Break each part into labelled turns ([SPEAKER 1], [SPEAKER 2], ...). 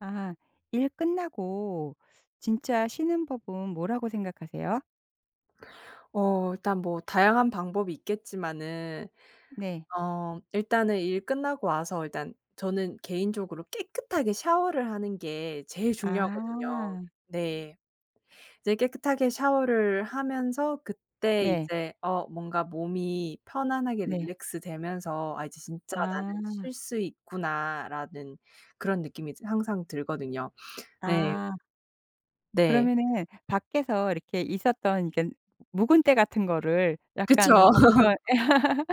[SPEAKER 1] 아. 일 끝나고 진짜 쉬는 법은 뭐라고 생각하세요?
[SPEAKER 2] 어 일단 뭐 다양한 방법이 있겠지만은
[SPEAKER 1] 네.
[SPEAKER 2] 어 일단은 일 끝나고 와서 일단 저는 개인적으로 깨끗하게 샤워를 하는 게 제일 중요하거든요.
[SPEAKER 1] 아.
[SPEAKER 2] 네. 이제 깨끗하게 샤워를 하면서 그때
[SPEAKER 1] 네.
[SPEAKER 2] 이제 어 뭔가 몸이 편안하게
[SPEAKER 1] 네.
[SPEAKER 2] 릴랙스되면서 '아 이제 진짜 나는
[SPEAKER 1] 아.
[SPEAKER 2] 쉴 수 있구나.'라는 그런 느낌이 이제 항상 들거든요. 네.
[SPEAKER 1] 아.
[SPEAKER 2] 네.
[SPEAKER 1] 그러면은 '밖에서 이렇게 있었던 이런 묵은 때 같은 거를 약간
[SPEAKER 2] 그쵸.
[SPEAKER 1] 벗겨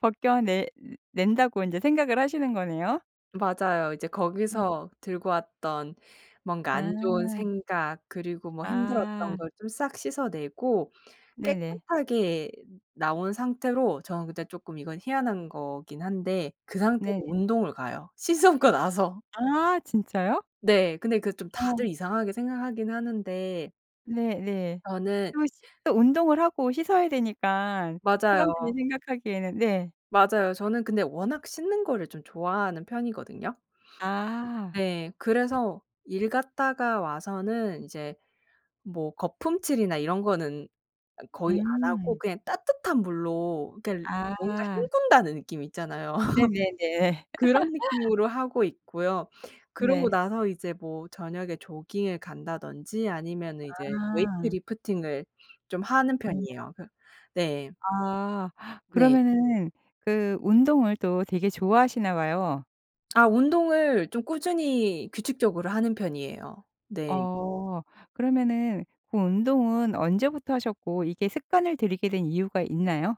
[SPEAKER 1] 벗겨내 낸다.'고 인제 생각을 하시는 거네요?
[SPEAKER 2] 맞아요. 이제
[SPEAKER 1] 예.
[SPEAKER 2] 거기서 들고 왔던 뭔가 안 좋은
[SPEAKER 1] 아.
[SPEAKER 2] 생각 그리고 뭐 힘들었던
[SPEAKER 1] 아.
[SPEAKER 2] 걸 좀 싹 씻어내고
[SPEAKER 1] 네네.
[SPEAKER 2] 깨끗하게 나온 상태로 저는 근데 쪼끔 이건 희한한 거기는 한데 그 상태로
[SPEAKER 1] 네.
[SPEAKER 2] 운동을 가요. 씻으고 나서.
[SPEAKER 1] 아 진짜요?
[SPEAKER 2] 네. 근데 그 좀 다들
[SPEAKER 1] 어.
[SPEAKER 2] 이상하게 생각하기는 하는데
[SPEAKER 1] 네네.
[SPEAKER 2] 저는
[SPEAKER 1] 또 씻 또 운동을 하고 씻어야 되니까 사람들이
[SPEAKER 2] 맞아요.
[SPEAKER 1] 생각하기에는 네.
[SPEAKER 2] 맞아요. 저는 근데 워낙 씻는 거를 좀 좋아하는 편이거든요?
[SPEAKER 1] 아.
[SPEAKER 2] 네. 그래서 일 갔다가 와서는 이제 뭐 거품칠이나 이런 거는 거의 안 하고
[SPEAKER 1] 음.
[SPEAKER 2] 그냥 따뜻한 물로 겔 뭔가
[SPEAKER 1] 아.
[SPEAKER 2] 헹군다는 느낌 있잖아요.
[SPEAKER 1] 네네네.
[SPEAKER 2] 그런 느낌으로 하고 있고요. 그러고
[SPEAKER 1] 네.
[SPEAKER 2] 나서 이제 뭐 저녁에 조깅을 간다든지 아니면은 이제 weight
[SPEAKER 1] 아.
[SPEAKER 2] lifting을 좀 하는
[SPEAKER 1] 우와.
[SPEAKER 2] 편이에요. 그 네.
[SPEAKER 1] 아.
[SPEAKER 2] 네.
[SPEAKER 1] 그러면은 그 운동을 또 되게 좋아하시나 봐요.
[SPEAKER 2] 아 운동을 좀 꾸준히 규칙적으로 하는 편이에요. 네.
[SPEAKER 1] 어. 그러면은 그 운동은 언제부터 하셨고 이게 습관을 들이게 된 이유가 있나요?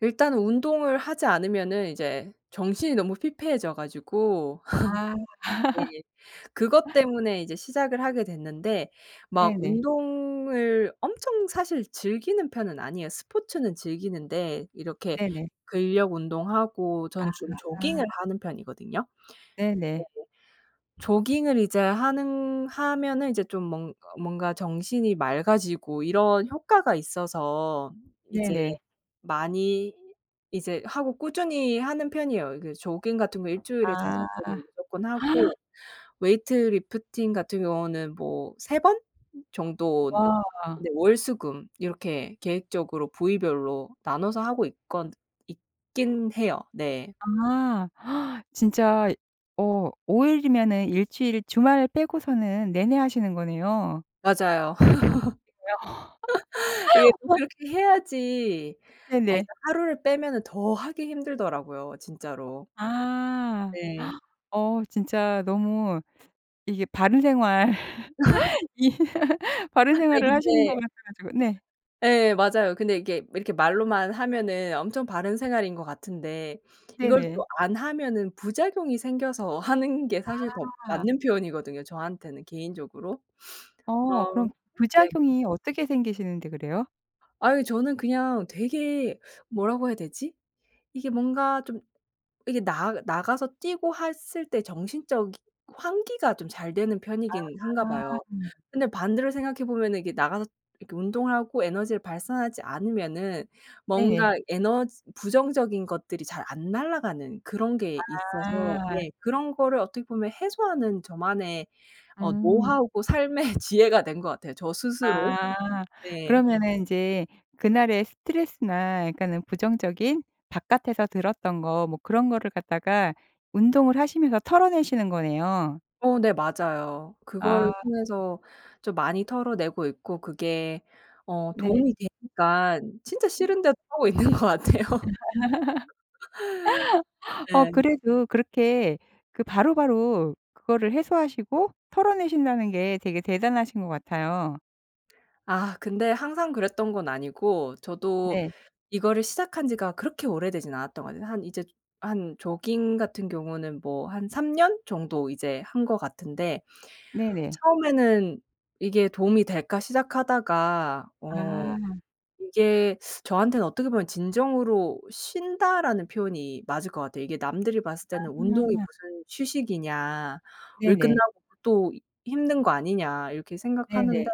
[SPEAKER 2] 일단은 운동을 하지 않으면은 이제 정신이 너무 피폐해져 가지고
[SPEAKER 1] 아.
[SPEAKER 2] 네. 그것 때문에 이제 시작을 하게 됐는데 막
[SPEAKER 1] 네네.
[SPEAKER 2] 운동을 엄청 사실 즐기는 편은 아니에요. 스포츠는 즐기는데 이렇게
[SPEAKER 1] 네네.
[SPEAKER 2] 근력 운동하고 저는 좀
[SPEAKER 1] 아.
[SPEAKER 2] 조깅을 하는 편이거든요. 네.
[SPEAKER 1] 네네.
[SPEAKER 2] 조깅을 이제 하는 하면은 이제 좀 뭔 뭔가 정신이 맑아지고 이런 효과가 있어서 이제
[SPEAKER 1] 네네.
[SPEAKER 2] 많이 이제 하고 꾸준히 하는 편이에요. 그 조깅 같은 거 1 주일에 5
[SPEAKER 1] 아.
[SPEAKER 2] 번은 무조건 하고 weight lifting 같은 경우는 뭐 3 번? 정도.
[SPEAKER 1] 와.
[SPEAKER 2] 네. 월, 수, 금 이렇게 계획적으로 부위별로 나눠서 하고 있건 있기는 해요. 네.
[SPEAKER 1] 아 진짜 어 5 일이면은 1 주일 주말 빼고서는 내내 하시는 거네요.
[SPEAKER 2] 맞아요.
[SPEAKER 1] 그래요?
[SPEAKER 2] 이게 좀 그렇게 해야지 아 일단
[SPEAKER 1] 네네.
[SPEAKER 2] 하루를 빼면은 더 하기 힘들더라고요 진짜로.
[SPEAKER 1] 아.
[SPEAKER 2] 네.
[SPEAKER 1] 어 진짜 너무 이게 바른 생활 이 바른
[SPEAKER 2] 아니
[SPEAKER 1] 생활을 하시는 것
[SPEAKER 2] 근데
[SPEAKER 1] 같아 가지고 네.
[SPEAKER 2] 예 맞아요. 근데 이게 이렇게 말로만 하면은 엄청 바른 생활인 것 같은데 이걸 또
[SPEAKER 1] 네네.
[SPEAKER 2] 안 하면은 부작용이 생겨서 하는 게 사실 더
[SPEAKER 1] 아.
[SPEAKER 2] 맞는 표현이거든요 저한테는 개인적으로.
[SPEAKER 1] 어
[SPEAKER 2] 아
[SPEAKER 1] 그럼
[SPEAKER 2] 네.
[SPEAKER 1] 부작용이 어떻게 생기시는데 그래요?
[SPEAKER 2] 아유 저는 그냥 되게 뭐라고 해야 되지? 이게 뭔가 좀 이게 나 나가서 뛰고 했을 때 정신적인 환기가 좀 잘 되는 편이기는 한가
[SPEAKER 1] 아.
[SPEAKER 2] 봐요. 근데 반대로 생각해 보면은 이게 나가서 이렇게 운동을 하고 에너지를 발산하지 않으면은
[SPEAKER 1] 네네.
[SPEAKER 2] 뭔가 에너지 부정적인 것들이 잘 안 날아가는 그런 게 있어서
[SPEAKER 1] 아.
[SPEAKER 2] 네 그런 거를 어떻게 보면 해소하는 저만의 어
[SPEAKER 1] 음.
[SPEAKER 2] 노하우고 삶의 지혜가 된 것 같아요 저 스스로.
[SPEAKER 1] 아
[SPEAKER 2] 네.
[SPEAKER 1] 그러면은 인제 그날의 스트레스나 약간은 부정적인 바깥에서 들었던 거 뭐 그런 거를 갖다가 운동을 하시면서 털어내시는 거네요.
[SPEAKER 2] 어 네 맞아요.
[SPEAKER 1] 아.
[SPEAKER 2] 그걸 통해서 좀 많이 털어내고 있고 그게 어
[SPEAKER 1] 네.
[SPEAKER 2] 도움이 되니깐 진짜
[SPEAKER 1] 음.
[SPEAKER 2] 싫은데도 하고 있는 것 같아요.
[SPEAKER 1] 어
[SPEAKER 2] 네.
[SPEAKER 1] 그래도 그렇게 그 바로바로 그거를 해소하시고 털어내신다는 게 되게 대단하신 것 같아요.
[SPEAKER 2] 아 근데 항상 그랬던 건 아니고 저도
[SPEAKER 1] 네.
[SPEAKER 2] 이거를 시작한 지가 그렇게 오래되지는 않았던 것 같아요. 한 이제 한 조깅 같은 경우는 뭐 한 3 년 정도 이제 한 것 같은데
[SPEAKER 1] 네네.
[SPEAKER 2] 처음에는 '이게 도움이 될까?' 시작하다가 어
[SPEAKER 1] 아.
[SPEAKER 2] 이게 저한테는 어떻게 보면 '진정으로 쉰다.'라는 표현이 맞을 것 같아요. 이게 남들이 봤을 때는 "운동이
[SPEAKER 1] 아.
[SPEAKER 2] 무슨 휴식이냐. 일
[SPEAKER 1] 네네.
[SPEAKER 2] 끝나고 또 힘든 거 아니냐." 이렇게 생각하는데
[SPEAKER 1] 네네.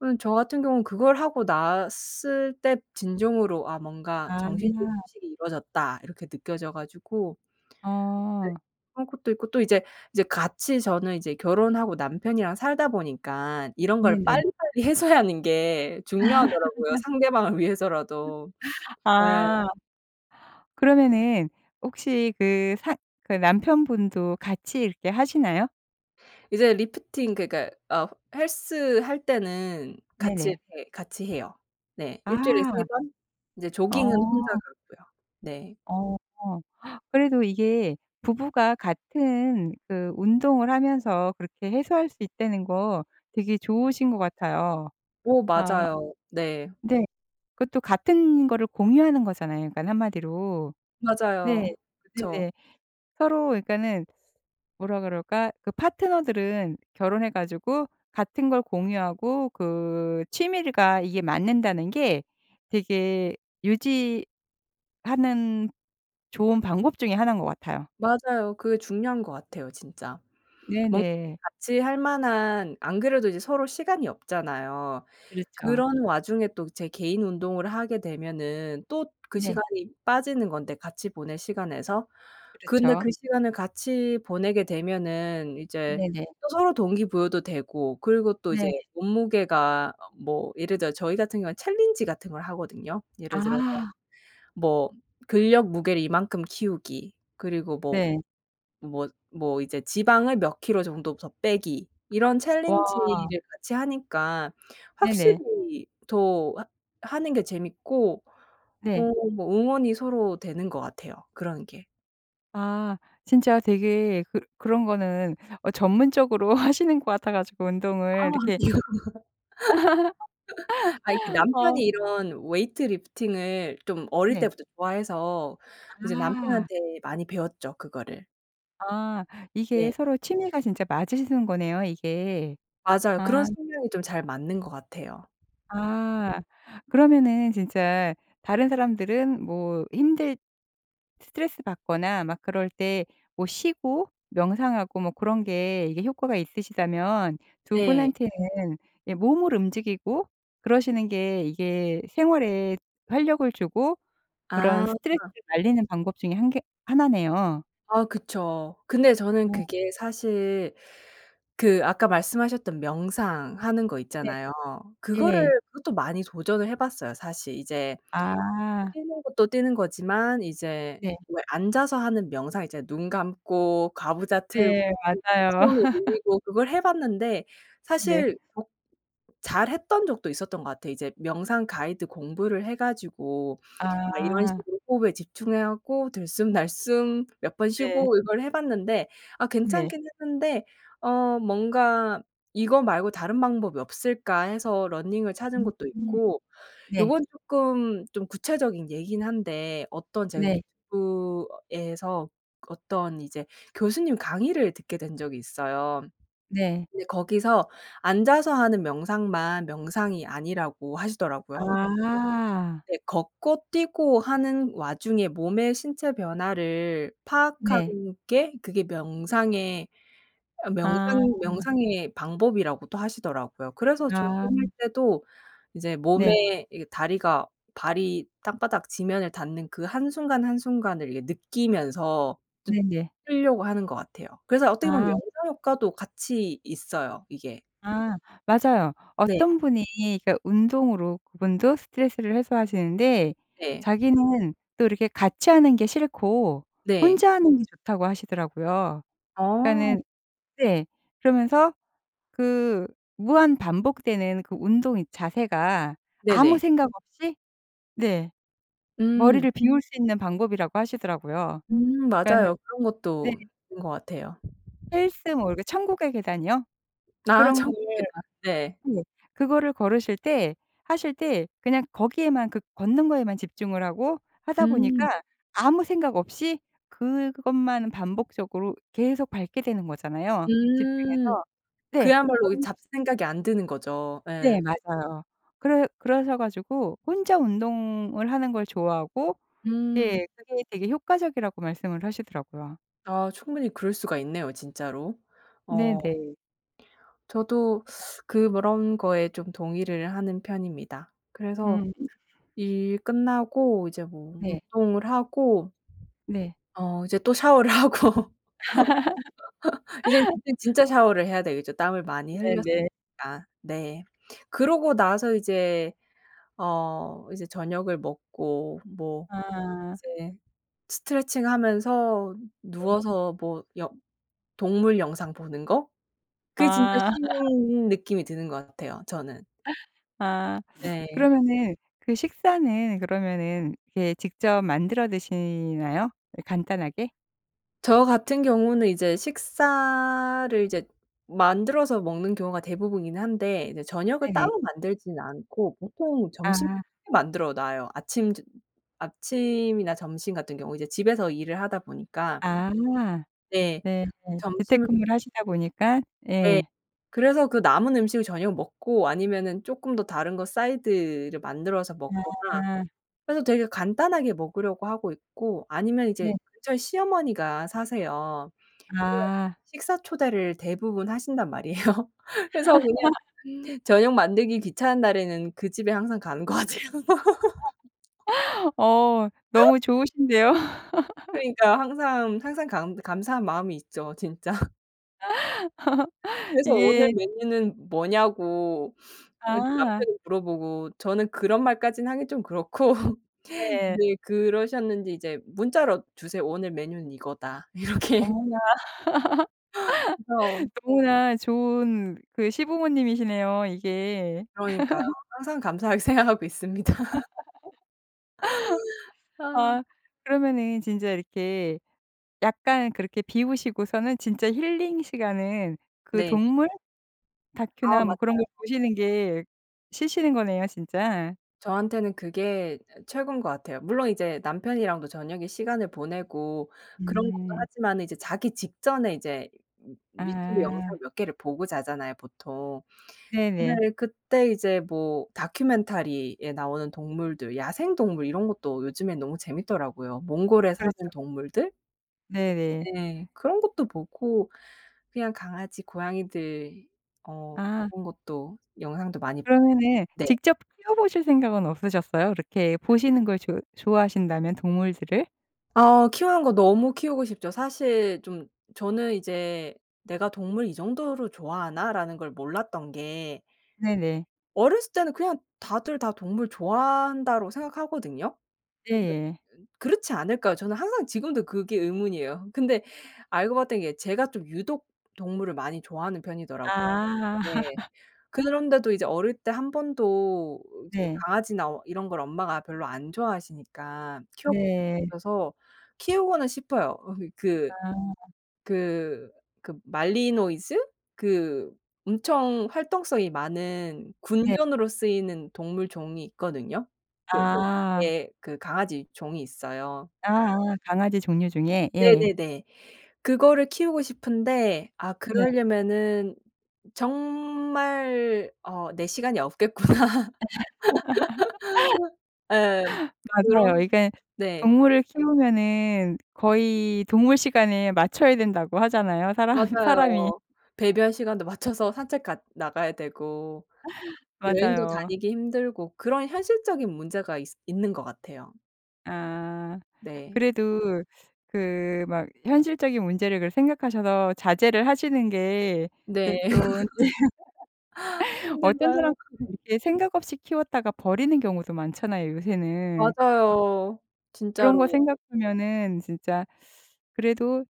[SPEAKER 2] 어 저 같은 경우는 그걸 하고 났을 때 진정으로 '아 뭔가
[SPEAKER 1] 아.
[SPEAKER 2] 정신적인 휴식이 이루어졌다.' 이렇게 느껴져 가지고 네
[SPEAKER 1] 어.
[SPEAKER 2] 그런 것도 있고 또 이제 이제 같이 저는 이제 결혼하고 남편이랑 살다 보니까 이런 걸
[SPEAKER 1] 네네.
[SPEAKER 2] 빨리빨리 해소하는 게 중요하더라고요 상대방을 위해서라도. 네.
[SPEAKER 1] 아. 그러면은 혹시 그 사 그 남편분도 같이 이렇게 하시나요?
[SPEAKER 2] 이제 lifting 그러니까 어 헬스할 때는 같이
[SPEAKER 1] 네네.
[SPEAKER 2] 이렇게 같이 해요. 네. 일주일에 3
[SPEAKER 1] 아.
[SPEAKER 2] 번. 근데 조깅은 혼자
[SPEAKER 1] 어.
[SPEAKER 2] 가고요. 네.
[SPEAKER 1] 어. 그래도 이게 부부가 같은 그 운동을 하면서 그렇게 해소할 수 있다는 거 되게 좋으신 것 같아요.
[SPEAKER 2] 오
[SPEAKER 1] 아.
[SPEAKER 2] 맞아요. 네.
[SPEAKER 1] 네. 그것도 같은 거를 공유하는 거잖아요 그니깐 1 마디로. 네.
[SPEAKER 2] 맞아요. 그쵸.
[SPEAKER 1] 네네. 서로 그러니까는 뭐라 그럴까? 그 파트너들은 결혼해 가지고 같은 걸 공유하고 그 취미가 이게 맞는다는 게 되게 유지하는 좋은 방법 중에 1 인 것 같아요.
[SPEAKER 2] 맞아요. 그게 중요한 것 같아요 진짜. 뭔가
[SPEAKER 1] 네네.
[SPEAKER 2] 같이 할 만한 안 그래도 이제 서로 시간이 없잖아요.
[SPEAKER 1] 그렇죠.
[SPEAKER 2] 그런 와중에 또 제 개인 운동을 하게 되면은 또 그
[SPEAKER 1] 네.
[SPEAKER 2] 시간이 빠지는 건데 같이 보낼 시간에서 근데
[SPEAKER 1] 그렇죠.
[SPEAKER 2] 그 시간을 같이 보내게 되면은 이제
[SPEAKER 1] 네네.
[SPEAKER 2] 또 서로 동기부여도 되고 그리고 또 이제
[SPEAKER 1] 네.
[SPEAKER 2] 몸무게가 어 뭐 예를 들어서 저희 같은 경우에는 챌린지 같은 걸 하거든요. 예를 들어서
[SPEAKER 1] 아.
[SPEAKER 2] 뭐 근력 무게를 이만큼 키우기 그리고 뭐
[SPEAKER 1] 네.
[SPEAKER 2] 뭐 뭐 이제 지방을 몇 킬로 정도 더 빼기 이런
[SPEAKER 1] 와.
[SPEAKER 2] 챌린지를 같이하니까
[SPEAKER 1] 네네.
[SPEAKER 2] 확실히 더 하 하는 게 재밌고
[SPEAKER 1] 네.
[SPEAKER 2] 어 뭐 응원이 서로 되는 것 같아요 그런 게.
[SPEAKER 1] 아. 진짜 되게 그 그런 거는 어 전문적으로 하시는 것 같아 가지고
[SPEAKER 2] 아
[SPEAKER 1] 운동을
[SPEAKER 2] 아니요.
[SPEAKER 1] 이렇게
[SPEAKER 2] 아이 그
[SPEAKER 1] 어.
[SPEAKER 2] 남편이 이런 weight lifting을 좀 어릴
[SPEAKER 1] 네.
[SPEAKER 2] 때부터 좋아해서 이제
[SPEAKER 1] 아.
[SPEAKER 2] 남편한테 많이 배웠죠 그거를.
[SPEAKER 1] 아 이게
[SPEAKER 2] 네.
[SPEAKER 1] 서로 취미가 진짜 맞으시는 거네요 이게.
[SPEAKER 2] 맞아요. 그런
[SPEAKER 1] 아.
[SPEAKER 2] 성향이 좀 잘 맞는 것 같아요.
[SPEAKER 1] 아 그러면은 진짜 다른 사람들은 뭐 힘들 스트레스받거나 막 그럴 때 뭐 쉬고 명상하고 뭐 그런 게 이게 효과가 있으시다면 2
[SPEAKER 2] 네.
[SPEAKER 1] 분한테는 예 몸을 움직이고 그러시는 게 이게 생활에 활력을 주고 그런
[SPEAKER 2] 아.
[SPEAKER 1] 스트레스를 날리는 방법 중에 1 개 1 네요.
[SPEAKER 2] 아 그쵸. 근데 저는
[SPEAKER 1] 어.
[SPEAKER 2] 그게 사실 그 아까 말씀하셨던 명상하는 거
[SPEAKER 1] 네.
[SPEAKER 2] 있잖아요. 그거를
[SPEAKER 1] 예.
[SPEAKER 2] 그것도 많이 도전을 해 봤어요. 사실 이제
[SPEAKER 1] 아.
[SPEAKER 2] 뛰는 것도 뛰는 거지만 이제
[SPEAKER 1] 네.
[SPEAKER 2] 왜 앉아서 하는 명상 이제 눈 감고 가부좌 틀고
[SPEAKER 1] 네 맞아요.
[SPEAKER 2] 손 올리고 그걸 해 봤는데
[SPEAKER 1] 네네.
[SPEAKER 2] 사실 [unintelligible] 잘했던 적도 있었던 것 같아요. 이제 명상 가이드 공부를 해 가지고 막 이런
[SPEAKER 1] 아.
[SPEAKER 2] 식으로 호흡에 집중해 갖고 들숨 날숨 몇 번
[SPEAKER 1] 네.
[SPEAKER 2] 쉬고 이걸 해 봤는데 아
[SPEAKER 1] 네.
[SPEAKER 2] 괜찮기는 했는데 어 뭔가 '이거 말고 다른 방법이 없을까.' 해서 러닝을 찾은
[SPEAKER 1] 음.
[SPEAKER 2] 것도 있고
[SPEAKER 1] 네.
[SPEAKER 2] 요건 쪼끔 좀 구체적인 예이기는 한데 어떤 제가
[SPEAKER 1] 네.
[SPEAKER 2] 유튜브에서 어떤 이제 교수님 강의를 듣게 된 적이 있어요.
[SPEAKER 1] 네.
[SPEAKER 2] 근데 거기서 앉아서 하는 명상만 명상이 아니라고 하시더라고요.
[SPEAKER 1] 아.
[SPEAKER 2] 네. 걷고 뛰고 하는 와중에 몸의 신체 변화를 파악하는
[SPEAKER 1] 네.
[SPEAKER 2] 게 그게 명상의 아
[SPEAKER 1] 아.
[SPEAKER 2] 명상 명상의 방법이라고도 하시더라고요. 그래서 조깅할
[SPEAKER 1] 아.
[SPEAKER 2] 때도 이제
[SPEAKER 1] 네.
[SPEAKER 2] 몸에 이게 다리가 발이 땅바닥 지면을 닿는 그 한순간, 한순간을 이렇게 느끼면서 좀
[SPEAKER 1] 네네.
[SPEAKER 2] 쓰려고 하는 것 같아요. 그래서 어떻게 보면
[SPEAKER 1] 아.
[SPEAKER 2] 명상 효과도 같이 있어요 이게.
[SPEAKER 1] 아. 맞아요.
[SPEAKER 2] 네.
[SPEAKER 1] 어떤 분이 그니까 운동으로 그분도 스트레스를 해소하시는데
[SPEAKER 2] 네.
[SPEAKER 1] 자기는 또 이렇게 "같이 하는 게 싫고
[SPEAKER 2] 네.
[SPEAKER 1] 혼자 하는 게 좋다."고 하시더라고요.
[SPEAKER 2] 어.
[SPEAKER 1] 그니까는 네. 그러면서 그 무한 반복되는 그 운동 이 자세가 아무
[SPEAKER 2] 네네.
[SPEAKER 1] 생각 없이 네.
[SPEAKER 2] 음.
[SPEAKER 1] 머리를 비울 수 있는 방법이라고 하시더라고요.
[SPEAKER 2] 음
[SPEAKER 1] 그니까는
[SPEAKER 2] 맞아요. 그런
[SPEAKER 1] 네.
[SPEAKER 2] 것도 있는 것 같아요.
[SPEAKER 1] 헬스 뭐 이렇게 천국의 계단이요?
[SPEAKER 2] 아
[SPEAKER 1] 그런
[SPEAKER 2] 천국의
[SPEAKER 1] 거를
[SPEAKER 2] 계단. 네.
[SPEAKER 1] 네 그거를 걸으실 때 하실 때 그냥 거기에만 그 걷는 거에만 집중을 하고 하다
[SPEAKER 2] 음.
[SPEAKER 1] 보니까 아무 생각 없이 그것만 반복적으로 계속 밟게 되는 거잖아요
[SPEAKER 2] 음.
[SPEAKER 1] 집중해서. 네.
[SPEAKER 2] 그야말로 이
[SPEAKER 1] 그런
[SPEAKER 2] 잡생각이 안 드는 거죠.
[SPEAKER 1] 네
[SPEAKER 2] 예.
[SPEAKER 1] 맞아요. 그러 그러셔 가지고 혼자 운동을 하는 걸 좋아하고
[SPEAKER 2] 음.
[SPEAKER 1] 예 그게 되게 효과적이라고 말씀을 하시더라고요.
[SPEAKER 2] 아 충분히 그럴 수가 있네요 진짜로. 어.
[SPEAKER 1] 네네.
[SPEAKER 2] 저도 그 그런 거에 좀 동의를 하는 편입니다. 그래서
[SPEAKER 1] 음.
[SPEAKER 2] 일 끝나고 이제 뭐
[SPEAKER 1] 네.
[SPEAKER 2] 운동을 하고
[SPEAKER 1] 네.
[SPEAKER 2] 어 이제 또 샤워를 하고 이제는 그땐 진짜 샤워를 해야 되겠죠 땀을 많이 흘렸으니까.
[SPEAKER 1] 네네.
[SPEAKER 2] 네. 그러고 나서 이제 어 이제 저녁을 먹고 뭐
[SPEAKER 1] 아.
[SPEAKER 2] 이제 스트레칭 하면서
[SPEAKER 1] 네.
[SPEAKER 2] 누워서 뭐 영 동물 영상 보는 거? 그게 진짜
[SPEAKER 1] 아.
[SPEAKER 2] 쉬는 느낌이 드는 것 같아요 저는.
[SPEAKER 1] 아
[SPEAKER 2] 네.
[SPEAKER 1] 그러면은 그 식사는 그러면은 이렇게 직접 만들어 드시나요? 이 간단하게?
[SPEAKER 2] 저 같은 경우는 이제 식사를 이제 만들어서 먹는 경우가 대부분이긴 한데 이제 저녁을
[SPEAKER 1] 네네.
[SPEAKER 2] 따로 만들지는 않고 보통 점심때
[SPEAKER 1] 아.
[SPEAKER 2] 만들어 놔요. 아침 두 아침이나 점심 같은 경우 이제 집에서 일을 하다 보니까
[SPEAKER 1] 아.
[SPEAKER 2] 네.
[SPEAKER 1] 네.
[SPEAKER 2] 점심을
[SPEAKER 1] 재택근무를 하시다 보니까.
[SPEAKER 2] 네.
[SPEAKER 1] 예.
[SPEAKER 2] 그래서 그 남은 음식을 저녁에 먹고 아니면은 쪼끔 더 다른 거 사이드를 만들어서 먹거나
[SPEAKER 1] 아.
[SPEAKER 2] 그래서 되게 간단하게 먹으려고 하고 있고 아니면 이제
[SPEAKER 1] 네.
[SPEAKER 2] 근처에 시어머니가 사세요. [unintelligible]
[SPEAKER 1] 아.
[SPEAKER 2] 식사 초대를 대부분 하신단 말이에요. 그래서 그냥 저녁 만들기 귀찮은 날에는 그 집에 항상 가는 것 같아요.
[SPEAKER 1] 어 너무 좋으신데요.
[SPEAKER 2] 그러니까 항상 항상 감 감사한 마음이 있죠 진짜. 그래서 "오늘
[SPEAKER 1] 이게
[SPEAKER 2] 메뉴는 뭐냐."고 어 이제
[SPEAKER 1] 아.
[SPEAKER 2] 남편이 물어보고 저는 그런 말까지는 하긴 좀 그렇고
[SPEAKER 1] 네.
[SPEAKER 2] 이제 그러셨는지 이제 문자로 주세요. "오늘 메뉴는 이거다." 이렇게.
[SPEAKER 1] 어머나.
[SPEAKER 2] 그래서
[SPEAKER 1] 너무나 좋은 그 시부모님이시네요 이게.
[SPEAKER 2] 그러니까요. 항상 감사하게 생각하고 있습니다. 아.
[SPEAKER 1] 아 그러면은 진짜 이렇게 약간 그렇게 비우시고서는 진짜 힐링 시간은 그
[SPEAKER 2] 네.
[SPEAKER 1] 동물?
[SPEAKER 2] 아
[SPEAKER 1] 다큐나 뭐 그런 걸
[SPEAKER 2] 맞아요.
[SPEAKER 1] 보시는 게 쉬시는 거네요 진짜.
[SPEAKER 2] 저한테는 그게 진짜 최고인 것 같아요. 물론 이제 남편이랑도 저녁에 시간을 보내고 그런 것도
[SPEAKER 1] 음.
[SPEAKER 2] 하지만은 이제 자기 직전에 이제 유튜브 영상
[SPEAKER 1] 아.
[SPEAKER 2] 몇 개를 보고 자잖아요 보통.
[SPEAKER 1] 네네.
[SPEAKER 2] 근데 그때 이제 뭐 다큐멘터리에 나오는 동물들, 야생동물 이런 것도 요즘에 너무 재밌더라고요. 몽골에
[SPEAKER 1] 그렇죠.
[SPEAKER 2] 사는 동물들?
[SPEAKER 1] 네네.
[SPEAKER 2] 네. 그런 것도 보고 그냥 강아지, 고양이들 어
[SPEAKER 1] 아.
[SPEAKER 2] 그런 것도 영상도 많이
[SPEAKER 1] 그러면은
[SPEAKER 2] 네.
[SPEAKER 1] 직접 키워보실 생각은 없으셨어요? 그렇게 보시는 걸 좋 좋아하신다면 동물들을?
[SPEAKER 2] 어 키우는 거 너무 키우고 싶죠. 사실 좀 저는 이제 '내가 동물 이 정도로 좋아하나?'라는 걸 몰랐던 게
[SPEAKER 1] 네네.
[SPEAKER 2] 어렸을 때는 그냥 다들 다 '동물 좋아한다.'로 생각하거든요. 근데
[SPEAKER 1] 예예.
[SPEAKER 2] 그렇지 않을까요? 저는 항상 지금도 그게 의문이에요. 근데 알고 봤던 게 제가 좀 유독 동물을 많이 좋아하는 편이더라고요.
[SPEAKER 1] 아.
[SPEAKER 2] 네. 그런데도 이제 어릴 때 1 번도 이제
[SPEAKER 1] 네.
[SPEAKER 2] 강아지나 이런 걸 엄마가 별로 안 좋아하시니까 키워본 적이
[SPEAKER 1] 네.
[SPEAKER 2] 없어서 키우고는 싶어요. 어 그
[SPEAKER 1] 아
[SPEAKER 2] 그 그 말리노이즈? 그 엄청 활동성이 많은
[SPEAKER 1] 네.
[SPEAKER 2] 군견으로 쓰이는 동물종이 있거든요. 그 그
[SPEAKER 1] 아.
[SPEAKER 2] 예 그 강아지 종이 있어요.
[SPEAKER 1] 아아 강아지 종류 중에. 예.
[SPEAKER 2] 네네네. 그거를 키우고 싶은데 '아
[SPEAKER 1] 네.
[SPEAKER 2] 그럴려면은 정말 어 내 시간이 없겠구나.' 예.
[SPEAKER 1] 맞아요.
[SPEAKER 2] 그런
[SPEAKER 1] 이게
[SPEAKER 2] 네.
[SPEAKER 1] 동물을 키우면은 거의 동물 시간에 맞춰야 된다고 하잖아요 사람 사람이.
[SPEAKER 2] 맞아요. 배변 시간도 맞춰서 산책 갔 나가야 되고 여행도
[SPEAKER 1] 맞아요.
[SPEAKER 2] 다니기 힘들고 그런 현실적인 문제가 있 있는 것 같아요.
[SPEAKER 1] 아.
[SPEAKER 2] 네.
[SPEAKER 1] 그래도 그 막 현실적인 문제를 그걸 생각하셔서 자제를 하시는 게
[SPEAKER 2] 네.
[SPEAKER 1] 이제 또 어떤
[SPEAKER 2] 힘든가요.
[SPEAKER 1] 사람들은 이렇게 생각 없이 키웠다가 버리는 경우도 많잖아요 요새는.
[SPEAKER 2] 맞아요.
[SPEAKER 1] 그런 거
[SPEAKER 2] 진짜로.
[SPEAKER 1] 생각하면은 진짜 그래도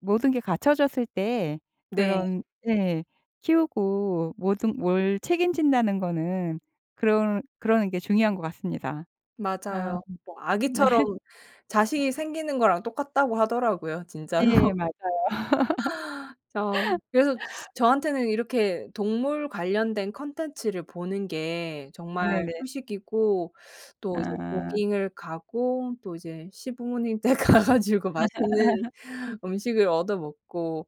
[SPEAKER 1] 모든 게 갖춰졌을 때
[SPEAKER 2] 네.
[SPEAKER 1] 그런 예 키우고 뭐든 뭘 책임진다는 거는 그런 그러는 게 중요한 것 같습니다. 아.
[SPEAKER 2] 맞아요. 뭐
[SPEAKER 1] 네.
[SPEAKER 2] 아기처럼 자식이 생기는 거랑 똑같다고 하더라고요 진짜로.
[SPEAKER 1] 예 맞아요.
[SPEAKER 2] 어. 그래서 저한테는 이렇게 동물 관련된 콘텐츠를 보는 게 정말
[SPEAKER 1] 네네.
[SPEAKER 2] 휴식이고 또 이제
[SPEAKER 1] 아.
[SPEAKER 2] 조깅을 가고 또 이제 시부모님 댁 가 가지고 맛있는 음식을 얻어먹고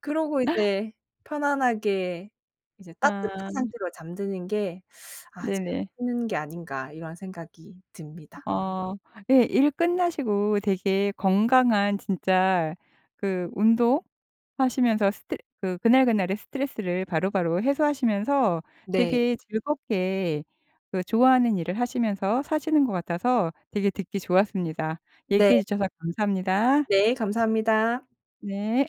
[SPEAKER 2] 그러고 이제 편안하게 이제 따뜻한
[SPEAKER 1] 아.
[SPEAKER 2] 상태로 잠드는 게 '아 진짜
[SPEAKER 1] 네네.
[SPEAKER 2] 쉬는 게 아닌가?' 이런 생각이 듭니다.
[SPEAKER 1] 어. 예 일 끝나시고 되게 건강한 진짜 그 운동하시면서 스트 그 그날그날의 스트레스를 바로바로 해소하시면서
[SPEAKER 2] 네.
[SPEAKER 1] 되게 즐겁게 그 좋아하는 일을 하시면서 사시는 거 같아서 되게 듣기 좋았습니다.
[SPEAKER 2] 네.
[SPEAKER 1] 얘기해 주셔서 감사합니다.
[SPEAKER 2] 네 감사합니다.
[SPEAKER 1] 네.